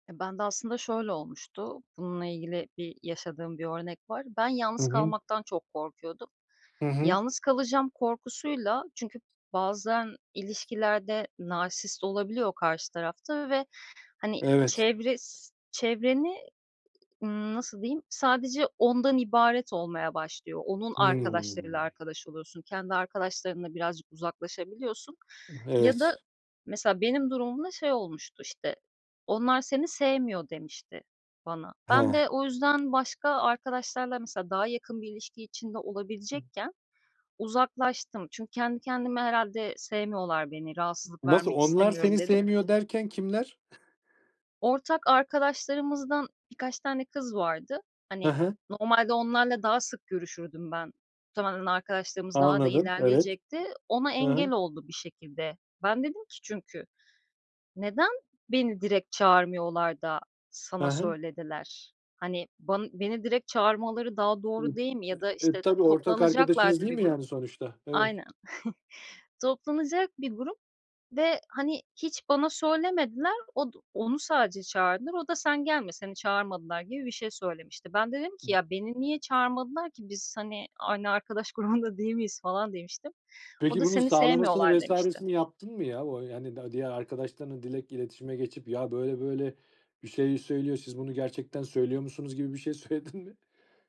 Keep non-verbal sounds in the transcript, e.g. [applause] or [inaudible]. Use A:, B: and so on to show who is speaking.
A: E, ben de aslında şöyle olmuştu, bununla ilgili bir yaşadığım bir örnek var. Ben
B: Hı
A: yalnız
B: hı.
A: kalmaktan çok korkuyordum.
B: Hı hı.
A: Yalnız kalacağım korkusuyla çünkü bazen ilişkilerde narsist olabiliyor karşı tarafta ve, hani,
B: Evet.
A: çevres çevreni, eee, ımm, nasıl diyeyim? Sadece ondan ibaret olmaya başlıyor. Onun arkadaşlarıyla
B: Hıı.
A: arkadaş oluyorsun, kendi arkadaşlarınla birazcık uzaklaşabiliyorsun
B: Ih,
A: ya
B: evet.
A: da mesela, benim durumumda şey olmuştu: İşte, "Onlar seni sevmiyor." demişti bana. Ben
B: Hah.
A: de o yüzden başka arkadaşlarla mesela, daha yakın bir ilişki içinde olabilecekken uzaklaştım. Çünkü kendi kendime, "Herhâlde sevmiyorlar beni, rahatsızlık
B: Nasıl?
A: vermek
B: "Onlar seni
A: istemiyorum." dedim.
B: sevmiyor." derken kimler?
A: Ortak arkadaşlarımızdan birkaç tane kız vardı.
B: He
A: Hani,
B: he.
A: normalde onlarla daha sık görüşürdüm ben. Muhtemelen arkadaşlığımız daha da
B: Anladım. Evet.
A: ilerleyecekti. Ona
B: Hı
A: engel
B: hı.
A: oldu bir şekilde. Ben dedim ki çünkü "Neden beni direkt çağırmıyorlar da
B: Hı
A: sana
B: hı.
A: söylediler?" Hani, ban beni direkt çağırmaları daha doğru değil mi? Ya da
B: Eee,
A: işte,
B: tabii ortak arkadaşınız,
A: toplanacaklardı
B: değil
A: bir
B: mi,
A: grup
B: yani, sonuçta? Evet.
A: Aynen. [chuckles] Toplanacak bir grup ve, hani, hiç bana söylemediler. Od onu sadece çağırdılar; o da, "Sen gelme, seni çağırmadılar." gibi bir şey söylemişti. Ben de dedim ki, "Ya, beni niye
B: I
A: çağırmadılar ki? Biz hani, aynı arkadaş grubunda değil miyiz?" falan demiştim. O
B: Peki
A: da,
B: bunun
A: "Seni
B: sağlamasını
A: sevmiyorlar." demişti.
B: vs.sini yaptın mı ya o yani da diğer arkadaşlarınla direkt iletişime geçip, "Ya, böyle böyle bir şey söylüyor. Siz bunu gerçekten söylüyor musunuz?" gibi bir şey söyledin mi?